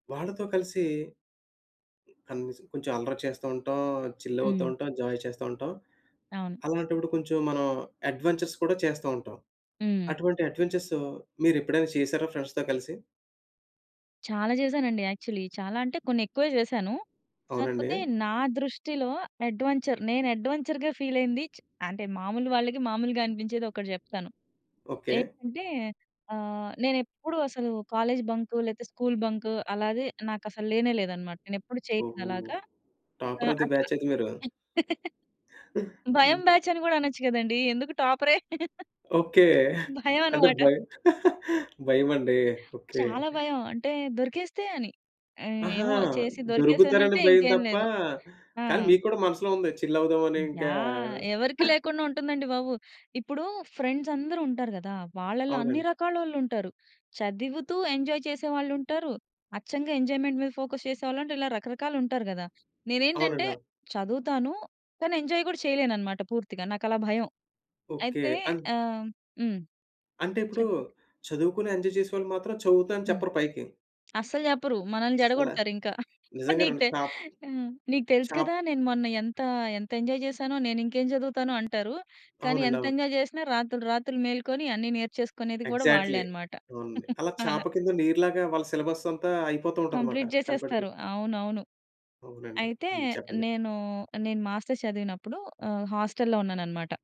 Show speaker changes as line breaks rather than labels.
వాళ్ళతో కలిసి కనీసం కొంచెం అల్లరి చేస్తూంటాం. చిల్
హ్మ్.
అవుతూంటాం. జాయ్ చేస్తూంటాం.
అవును.
అలాంటప్పుడు కొంచెం మనం అడ్వెంచర్స్ కూడా చేస్తంటాం.
హ్మ్.
అటువంటి అడ్వెంచర్స్ మీరు ఎప్పుడైనా చేసారా ఫ్రెండ్స్‌తో కలిసి?
చాలా చేశానండి యాక్చువలీ. చాలా అంటే కొన్ని ఎక్కువే చేశాను.
అవునండి.
కాకపోతే నా దృష్టిలో అడ్వెంచర్. నేను అడ్వెంచర్‌గా ఫీల్ అయింది చ్ అంటే మాములు వాళ్ళకి మాములుగా అనిపించేది ఒకటి చెప్తాను.
ఓకే.
ఏంటంటే ఆహ్, నేనెప్పుడు అసలు కాలేజ్ బంకు లేకపోతే స్కూల్ బంకు అలాగే నాకసలు లేనే లేదన్నమాట. నేనెప్పుడు చేయలేదు
ఓహో!
అలాగా. ఆ!
టాపర్ ఆఫ్ ది
అట్లా
బ్యాచ్ అయితే మీరు.
భయం
హుహు.
బ్యాచ్ అని కూడా అనొచ్చు కదండీ! ఎందుకు టాపరే?
ఓకే.
భయం
అంటే
అన్నమాట.
భయం. భయమండి. ఓకే.
చాలా భయం. అంటే దొరికేస్తే అని. ఆహ్,
ఆహా!
ఏమో చేసి
దొరుకుతారని
దొరికేసానంటే
భయం
ఇంకేం
తప్ప,
లేదు. ఆ!
కానీ మీకు కూడా మనసులో ఉంది చిల్ అవుదాం అని ఇంకా
యాహ్! ఎవరికీ లేకుండా ఉంటుందండి బాబు. ఇప్పుడు ఫ్రెండ్స్ అందరూ ఉంటారు కదా! వాళ్ళలో అన్ని
అవునండి.
రకాలోళ్ళుంటారు. చదువుతూ ఎంజాయ్ చేసేవాళ్ళుంటారు. అచ్చంగా ఎంజాయ్‌మెంట్ మీద ఫోకస్ చేసేవాళ్ళుంటారు. ఇలా రకరకాలుంటారు కదా! నేనేంటంటే
అవునండి. అవును.
చదువుతాను. కానీ ఎంజాయ్ కూడా చేయలేననమాట పూర్తిగా. నాకలా భయం.
ఓకే.
అయితే
అన్
ఆహ్, హ్మ్.
అంటే ఇప్పుడు
చెప్పండి.
చదువుకొని ఎంజాయ్ చేసేవాళ్ళు మాత్రం చదువుతా అని
హ్మ్.
చెప్పరు పైకి.
అస్సలు చెప్పరు. మనల్ని
అసలా
చెడగొడతారింకా. నీకు
నిజంగానండి.
తె
చాప్
హ్మ్. నీకు తెలుసు
చాప్
కదా! నేను మొన్న ఎంత, ఎంత ఎంజాయ్ చేసానో! నేను ఇంకేం చదువుతానో అంటారు. కానీ
అవునండి.
ఎంత
అవును.
ఎంజాయ్ చేసినా రాత్రులు రాత్రులు మేలుకొని అన్ని నేర్చేసుకునేది కూడా వాళ్ళే
ఎగ్జాక్ట్‌లి.
అన్నమాట.
అవునండి. అలా చాప
అలా.
కింద నీరులాగా వాళ్ళ సిలబస్ అంతా అయిపోతూ ఉంటదిమాట.
కంప్లీట్
కనబడకు
జేసేస్తారు. అవునవును.
అవునండి.
అయితే
హ్మ్. చెప్పండి.
నేను, నేను మాస్టర్స్ చదివినప్పుడు ఆహ్, హాస్టల్‌లో ఉన్నానన్నమాట.